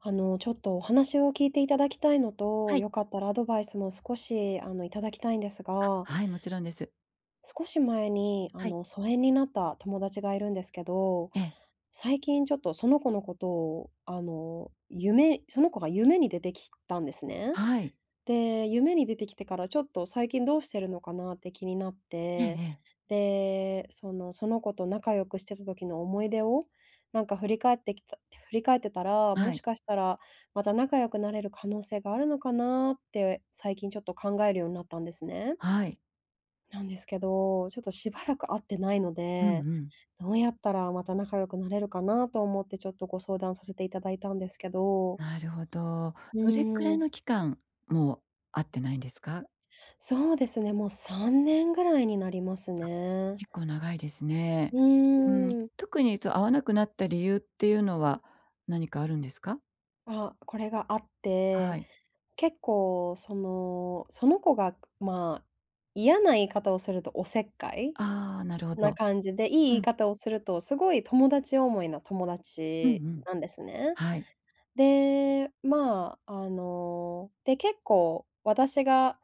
あの、ちょっとお話を聞いていただきたいのと、はい。良かったらアドバイスも少しあの、いただきたいんですが。あ、はい、もちろんです。少し前にあはい。の、疎遠になった友達がいるんですけど、ええ。最近ちょっとその子のことをあの、夢その子が夢に出てきたんですね。はい。で、夢に出てきてからちょっと最近どうしてるのかなって気になっええて、ええ。で、その、その子と仲良くしてた時の思い出を、なんか振り返ってきた振り返ってたら、はもしい。かしたら、また仲良くなれる可能性があるのかなって、最近ちょっと考えるようになったんですね。はい。なんですけど、ちょっとしばらく会ってないのうんうで、ん。どうやったらまた仲良くなれるかなと思ってちょっとご相談させていただいたんですけど。なるほど。うどれくらーいん。の期間もう会ってないんですか？そうですね、もう3年ぐらいになりますあ、ね。結構長いですね。ううーーん、ん。特にそ、会わなくなった理由っていうのは、何かあるんですか？あ、これがあって、はい。結構その、その子が、ま、嫌な言い方をするとお節介ああ、なるほなど。感じでいい言ういん。方をすると、すごい友達思いの友うん達うん。なんですね。はい。で、ま、あの、で、結構私が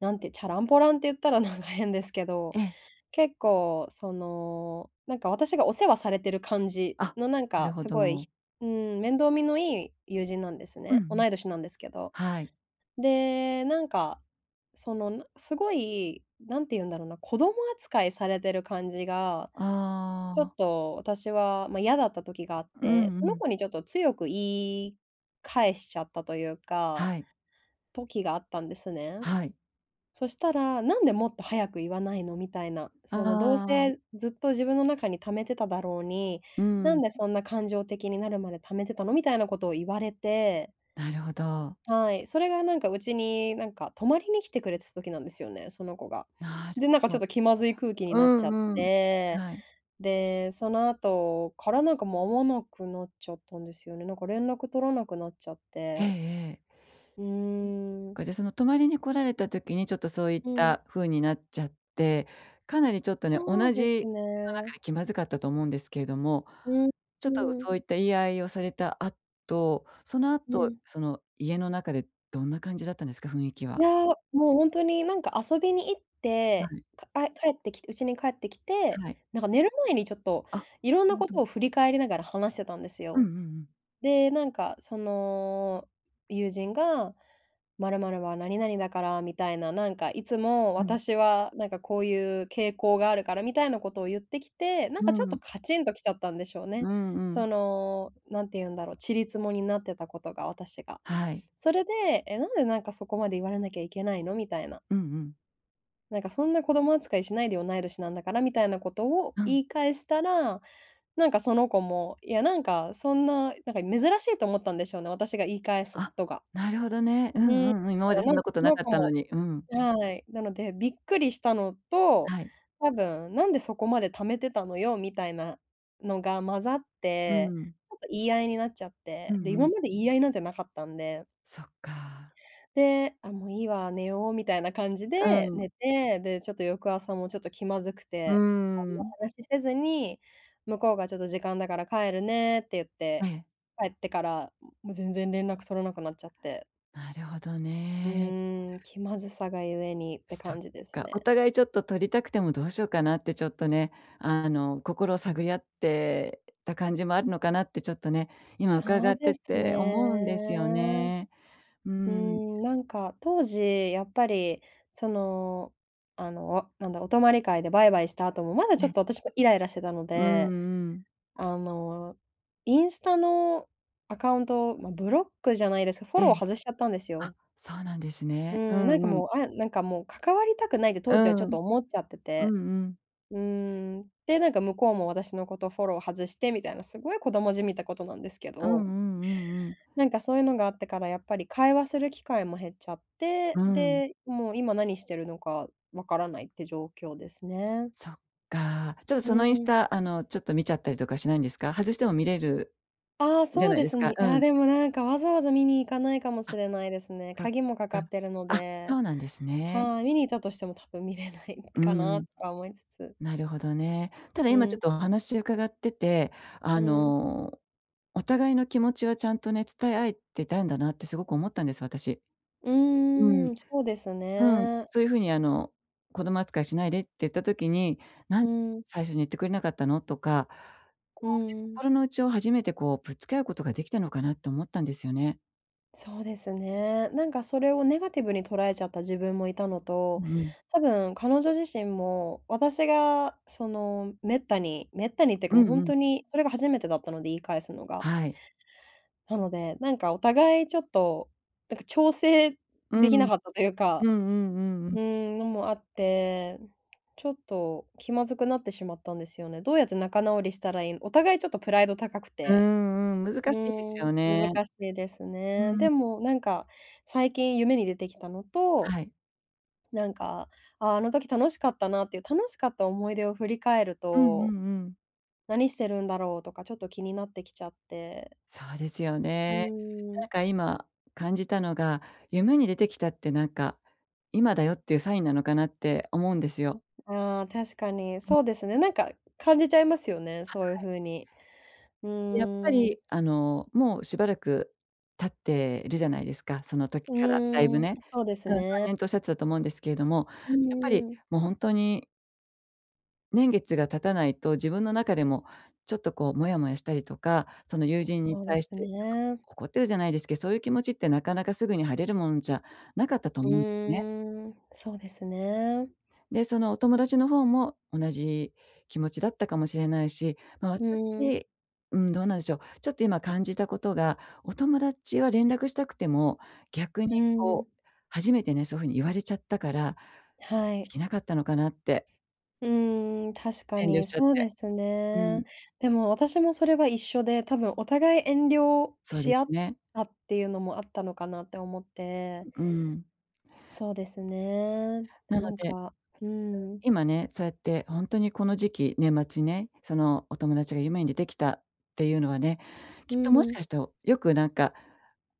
なんてちゃらんぽらんって言ったらなんか変ですけど、ええ。結構その、なんか私がお世話されてる感じあ、のなんなかるほすごい、ひど。うーん、面倒見のいい友人なんですうんね。うん。同い年なんですけど。はい。で、なんか、そのすごい、何て言うんだろうな、子供扱いされてる感じが、あちょっあ。と私は、ま、嫌だった時があっうんて、うそのん。子にちょっと強く言い返しちゃったというかはい。時があったんですね。はい。そしたら、「なんでもっと早く言わないの？」みたいな、そのどうああ。せずっと自分の中に溜めてただろうに、う「なんん。でそんな感情的になるまで貯めてたの？」みたいなことを言われてなるほど。はい、それがなんかうちになんか泊まりに来てくれてた時なんですよね、その子が。なるで、なんかほちょっど。と気まずい空気にうなっちゃっんうん。て、はい。で、その後からなんかもう会わなくなっちゃったんですよね。なんか連絡取らなくなっちゃっええて。ええ。うーそっん。か、じゃあその泊まりに来られた時にちょっとそういっうん。たふうになっちゃって、かなりちょっとね、同そうじです家の中ね。で気まずかったと思うんですけれども、うんちょっとうそん。ういった言い合いをされた後、そのう後、ん。その家の中でどんな感じだったんですか、雰囲気いは？や、もう本当になんか遊びに行っはて、い。か帰ってきて、うちに帰ってきて、はい。なんか寝る前にちょっとあ、色んなるなほことど。を振り返りながら話してたんですうんうよ。んうん。で、なんかその、友人が、まるまるは何々だからみたいな、なんかいつもうん。私はなんかこういう傾向があるからみたいなことを言ってきて、なんうかちょっとん。カチンと来ちゃったんでしょううね。んうん。その、何て言うんだろう、ちり積もになってたことが、私が。はい。それで「え、なんでなんかそこまで言われなきゃいけないの」みたいな。うんうん。なんかそんな子供扱いしないでよ同い年なんだからみたいなことをう言ん。い返したら、なんかその子も、いやなんかそんな、なんか珍しいと思ったんでしょうね、私が言い返すこあ、とが。なるほどね。ううーんん、うんうん、今までそなんなんんなかことそなのかっ子たのも、に。うん。なのでびっくりしたのと、はい。多分、「なんでそこまで貯めてたのよ」みたいな、のが混ざっうて、ん。ちょっと言い合いになっちゃっうて、んで、う今ん。まで言い合いなんてなかったんで。そっか。で、あ、もういいわ、寝ようみたいな感じでうん。寝て、でちょっと翌朝もちょっと気まずくうーて、あんまん。話しせずに、向こうがちょっと時間だから帰るねって言っはて、い。帰ってからもう全然連絡取らなくなっちゃって。なるほどうね。ーん、気まずさがゆえにってそっ感じですか、おね。互いちょっととりたくてもどうしようかなってちょっとね、あの、心を探り合ってた感じもあるのかなってちょっとね、今伺そうってですてね。思うんですよね。ううーーん。ん、なんか当時やっぱりその、あのなんだ、お泊り会でバイバイした後も、まだちょっね。と私もイライラしてたのうで、んうん。あの、インスタのアカウント、ま、ブロックじゃないですけど、フォローえ、外しちゃったんですあ、よ。そうなんですうね。うーん、なんんかうん。もう、あ、なんかもう関わりたくないってう当時はちょっとん。思っちゃってうて、んうん。うーん、で、なんか向こうも私のことフォロー外してみたいな、すごい子供じみたことなんですけうんうど、んうんうん。なんかそういうのがあってから、やっぱり会話する機会も減っちゃって、うん。で、もう今何してるのか分からないって状況ですね。そっか。ちょっとうそのインスん。タ、あのちょっと見ちゃったりとかしないんですか？外しても見れる、ああ、じゃそうないでですすか、ね。うあ、ん。でもなんかわざわざ見に行かないかもしあ、れないですね。そっ鍵もかかか。ってるのあ、そで、うなんですね。はい、見に行ったとしても多分見れないうかなん。とか思いつつ。なるほどね。ただう今ちょっん。とお話伺ってて、あうん。の、お互いの気持ちはちゃんとね、伝え合えてたんだなってすごく思ったんです、私。ううん。ーん、そうですうん。ね。そういうふうに、あの、子供扱いしないでって言った時に、なん、うん。最初に言ってくれなかったの？とか、こううね、ん。心の内を初めてこうぶつけ合うことができたのかなと思ったんですよね。そうですね。なんか、それをネガティブに捉えちゃった自分もいたのうと、ん。多分彼女自身も私がその、滅多に滅多にっていうかうもうほんんうん。とにそれが初めてだったので言い返すのが。はい。なので、なんかお互いちょっと、なんか調整うできなん。かったというかうんうんうんううん。ーん、のもあって、ちょっと気まずくなってしまったんですよね。どうやって仲直りしたらいいのお互いちょっとプライド高くうーて。ん、うん、難うしいですーん、よ難ね。しいですうね。ん。でも、なんか、最近夢に出てきたのと、はい。なんか、ああ、あの時楽しかったなっていう、楽しかった思い出を振り返るうんうと、んうん。何してるんだろうとか、ちょっと気になってきちゃって。そうですようね。ーなん。んか今、感じたのが、夢に出てきたってなんか、今だよっていうサインなのかなって思うんですよ。ああ、確かに。そうですね。なんか感じちゃいますよね、はそういうい。風に。うやっぱーり、ん。あの、もうしばらく経ってるじゃないですか、その時うからだいぶーん、ね。そうですうん、さね。んねんとおっしゃってたと思うんですけれども、うやっぱりーん。もう本当に年月が経たないと、自分の中でも、ちょっと、こう、もやもやしたりとか、その友人にそうで対しすてちょっとね。怒ってるじゃないですけど、そういう気持ちってなかなかすぐに晴れるもんじゃなかったとう思うんですね。ーん、そうですね。で、そのお友達の方も同じ気持ちだったかもしれないし、ま、うん。私、うーん、どうなんでしょう、ちょっと今、感じたことが、お友達は連絡したくても、逆にうん。こう、初めてね、そういう風に言われちゃったから、はでい。きなかったのかなって。うん、確か遠慮にしちゃっそうて。ですうね。ん。でも私もそれは一緒で、多分お互い遠慮そうでし合すっね。たっていうのもあったのかなって思って。うん。そうですね、ななのんで、か、うん。今ね、そうやってほんとにこの時期、年末ね、そのお友達が夢に出てきたっていうのはね、きっうともしん。かしておよくなんか、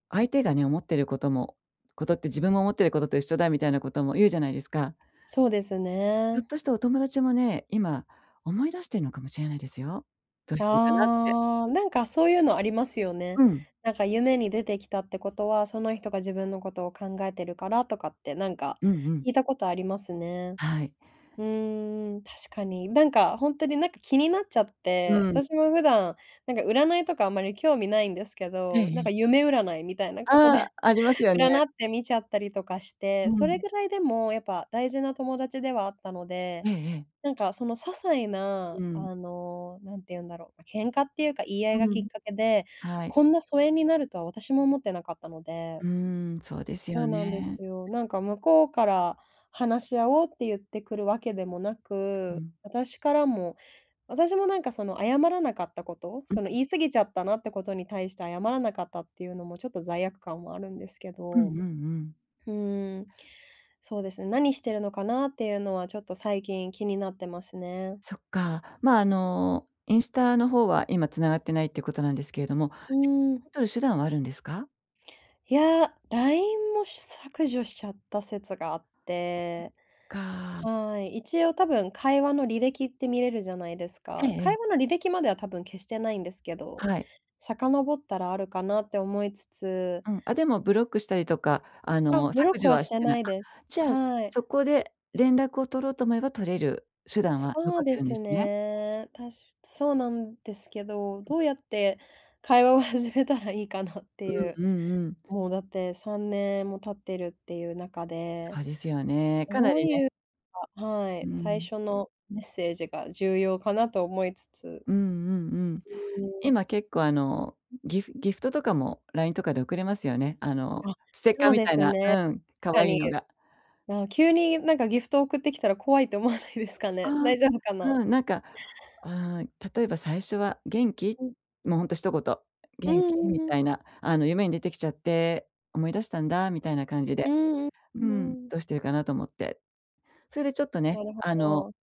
相手がね、思っていることもことって自分も思っていることと一緒だみたいなことも言うじゃないですか。そうですひょっね。としてお友達もね、今、思い出しているのかもしれないですよ。どういしや、てるかなって。なんかそういうのありますよね。うん。なんか夢に出てきたってことは、その人が自分のことを考えてるからとかってなんかうんうん。聞いたことありますね。はい。うーん、確かに。なんか本当になんか気になっちゃって、うん。私も普段なんか占いとかあんまり興味ないんですけええど、えなんえ。か夢占いみたいなことあであ、ありますよ占ね。って見ちゃったりとかして、うそれん。ぐらいでもやっぱ大事な友達ではあったので、ええええ。なんかその些細なうん。あの何て言うんだろう、喧嘩っていうか言い合いがうきっん、かけで、はい。こんな疎遠になるとは私も思ってなかったので、うん、そうですそうよなんですね。よ。なんか向こうから話し合おうって言ってくるわけでもなう、うく、ん。私からも、私もなんかその謝らなかったこと、うん、そん。の言い過ぎちゃったなってことに対して謝らなかったっていうのもちょっと罪悪感はあるんですけうんうど。んうん。うーん、そうですね、何してるのかなっていうのはちょっと最近気になってますね。そっか。ま、あの、インスタの方は今繋がってないっていうことなんですけれども、うん。をとる手段はあるんですか？いや、ラインも削除しちゃった説があっそって、かあ。はい。一応、多分会話の履歴って見れるじゃないですええか。ええ。会話の履歴までは、多分消してないんですけど、はい。遡ったらあるかなって思いつつうん、あ、でもブロックしたりとか、ああ、の、ブロッ削ク除ははししててない。ないあ、です。じゃあ、はい。そこで連絡を取ろうと思えば、取れる手段つはそ残うってでるんすですね。ね。たしそうなんですけど、どうやって会話を始めたらいいかなってうん言う。うんうん。もう、だって3年も経ってるっていう中で、そうですよね、かなどうりね。言うかはうい、最ん。初のメッセージが重要かなと思いつつ。うんうんうん。うーん。今結構、あの、ギフギフトとかもラインとかで送れますよね。あの、あ、ステッカそーうみでたいすな、うね。ん、可か愛いに。のが。な急に、なんか、ギフトを送ってきたら、怖いと思わないですかね。ああ、大丈夫かな？うん、なんか、うーん、例えば、最初は「元気？」うん。もうほんと一言う「元気？」んうんみうん。たいな、あの「夢に出てきちゃって、思い出したんだ」みたいな感じうで、ーん、ううんんうん。「どうしてるかなと思って」それでちょっとねなるほ「あの、ど。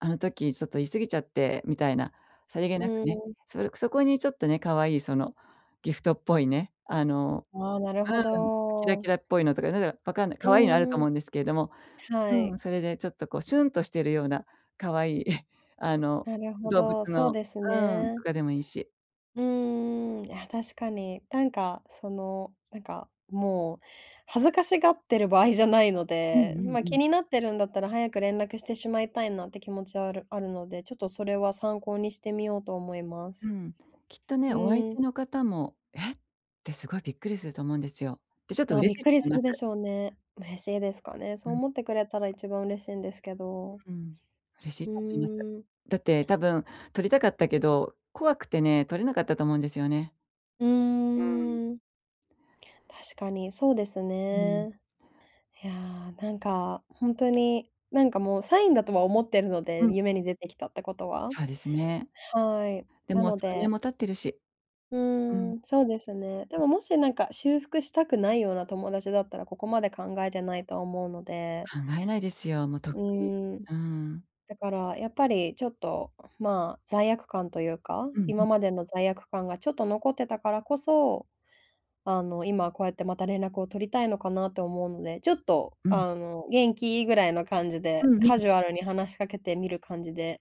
あの時、ちょっと、言い過ぎちゃって」みたいな、さりげうなくーね。ん。そそこにちょっとね、可愛い、そのギフトっぽいね、あの、ああ、なるほうん、キラキど。ラっぽいのとか、なんだか分かんない、う可愛いのあるとんう思ん。うんですけれども、はうん、い。それで、ちょっと、こう、シュンとしているような可愛い あのなるほ動物ど、そうのですうん、とね。かでもいいし。うーん、いや、確かに、なんか、その、なんか、もう恥ずかしがってる場合じゃないのうんで、うんま、う気ん。になってるんだったら、早く連絡してしまいたいなって気持ちはあるあるので、ちょっと、それは参考にしてみようと思いまうす。ん。きっとうね、お相ーん。手の方も「え！」って、凄いびっくりすると思うんですよ。で、ちょっとま、嬉びっしいくとり思すいまるです。しょうね。嬉しいですかね、うそうん。思ってくれたら、一番嬉しいんですけど。ううーん。嬉しいうと思います。ーん。だって多分、とりたかったけど、怖くてね、とれなかったと思うんですよね。ううん。ーん。確かにそうですうん。ね。やあ、なんかほんとに、なんか、もうサインだとは思ってるのうで、ん。夢に出てきたってことは。そうですね。はい、でなもの3年でも経ってるし。ううーん。ん、そうですね。でうん。ももし、なんか修復したくないような友達だったら、ここまで考えてないと思うので考えないですよ。もうとっうくに、ーん。うーん。だから、やっぱり、ちょっと、ま、罪悪感と言うか、うんう今ん。までの罪悪感が、ちょっと残ってたからこそ、あの、今、こうやって、また連絡を取りたいのかなと思うので、ちょっと、うん。あの「元気？」ぐらいの感じで、うんうん。カジュアルに話しかけてみる感じで、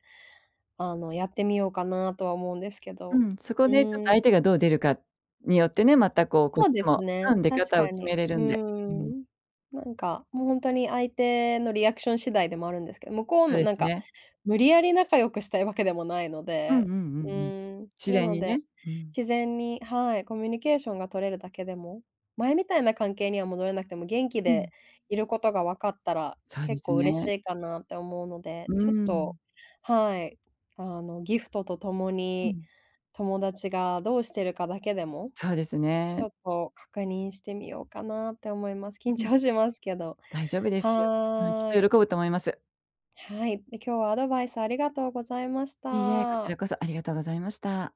あの、やってみようかなとは思うんですけど、うん、そこうでちょっーとん。相手がどう出るかによってね、また、こう、こっそうでちすも、ね、うん、出確方をか決に。めれるうーんで。うん。ん。なんか、も、ほんとに相手のリアクション次第でもあるんですけど、向こうそうのでなんすかね。無理やり仲良くしたいわけでもないのうんうで、んうんううん。ーん、自な然のにね、でうん。自然に、はい、コミュニケーションが取れるだけでも、前みたいな関係には戻れなくても、元気うん。でいる事が分かったら、そうで結す構嬉しね。いかなって思うので、うーちょっと、ん。はい、あの、ギフトとともうにん。友達がどうしてるかだけでも、そうですちね。ょっと確認してみようかなって思います。緊うん。張しますけど、大丈夫ですよ。うん、きはっい。と喜ぶと思います。はい、で、今日はアドバイスありがとうございましいいえ、こちた。らこそ、ありがとうございました。